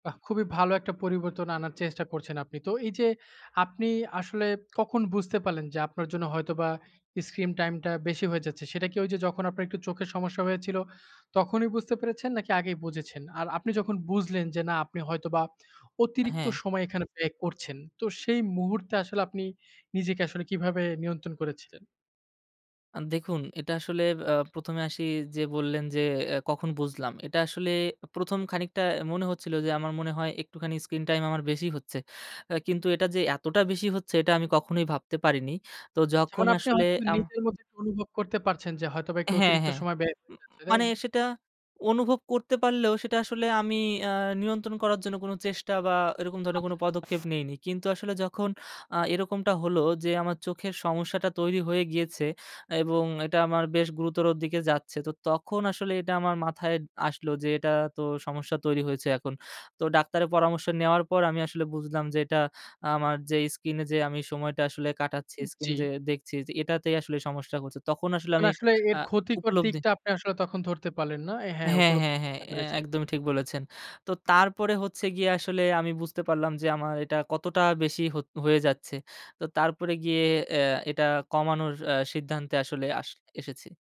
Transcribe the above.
খুবই ভালো একটা পরিবর্তন আনার চেষ্টা করছেন আপনি। তো এই যে, আপনি আসলে কখন বুঝতে পারলেন যে, আপনার জন্য হয়তোবা স্ক্রিন টাইমটা বেশি হয়ে যাচ্ছে, সেটা কি ওই যে, যখন আপনার একটু চোখের সমস্যা হয়েছিল, তখনই বুঝতে পেরেছেন, নাকি আগেই বুঝেছেন? আর আপনি যখন বুঝলেন যে, না, আপনি হয়তোবা অতিরিক্ত হ্যাঁ। সময় এখানে ব্যয় করছেন। তো সেই মুহূর্তে আসলে আপনি নিজেকে আসলে কীভাবে নিয়ন্ত্রণ করেছিলেন? আ দেখুন এটা আসলে আ ১ম এ আসি যে বললেন যে, এ কখন বুঝলাম। এটা আসলে ১ম খানিকটা মনে হচ্ছিল যে, আমার মনে হয়, একটুখানি স্ক্রিন টাইম আমার বেশি হচ্ছে। আ কিন্তু এটা যে, এতটা বেশি হচ্ছে, এটা আমি কখনোই ভাবতে পারিনি। তো আচ্ছা, যখন মানে আপনি আসলে হয়তোবা আম নিজের মধ্যে অনুভব করতে পারছেন যে, হয়তোবা একটু হ্যাঁ, অতিরিক্ত হ্যাঁ। সময় ব্যয় হয়ে উম যাচ্ছে, তাই? মানে সেটা অনুভব করতে পারলেও, সেটা আসলে আমি আ নিয়ন্ত্রণ করার জন্য কোনো চেষ্টা বা এরকম ধরনের কোনো আচ্ছা, আচ্ছা। পদক্ষেপ নিইনি, কিন্তু আসলে যখন আ এরকমটা হলো যে, আমার চোখের সমস্যাটা তৈরি হয়ে গিয়েছে এবং এটা আমার বেশ গুরুতর দিকে যাচ্ছে, তো তখন আসলে এটা আমার মাথায় আসলো যে, এটা তো সমস্যা তৈরি হয়েছে, এখন তো ডাক্তারের পরামর্শ নেওয়ার পর আমি আসলে বুঝলাম যে, এটা আমার যে স্কিন এ যে, আমি সময়টা আসলে কাটাচ্ছি, উ স্কিন জি। যে দেখছি, যে এটাতেই আসলে সমস্যা হচ্ছে। তখন আসলে মানে আমি আসলে এর আ ক্ষতিকর উপলব্ধি দিকটা আপনি আসলে তখন ধরতে পারলেন না? হ্যাঁ, হ্যাঁ, উপলব্ধি হ্যাঁ, হ্যাঁ করতে এ পেরেছেন। একদমই ঠিক বলেছেন। তো তারপরে হচ্ছে গিয়ে, আসলে আমি বুঝতে পারলাম যে, আমার এটা কতটা বেশি হো হয়ে যাচ্ছে। তো তারপরে গিয়ে অ্যা এটা কমানোর আ সিদ্ধান্তে আসলে আস এসেছি।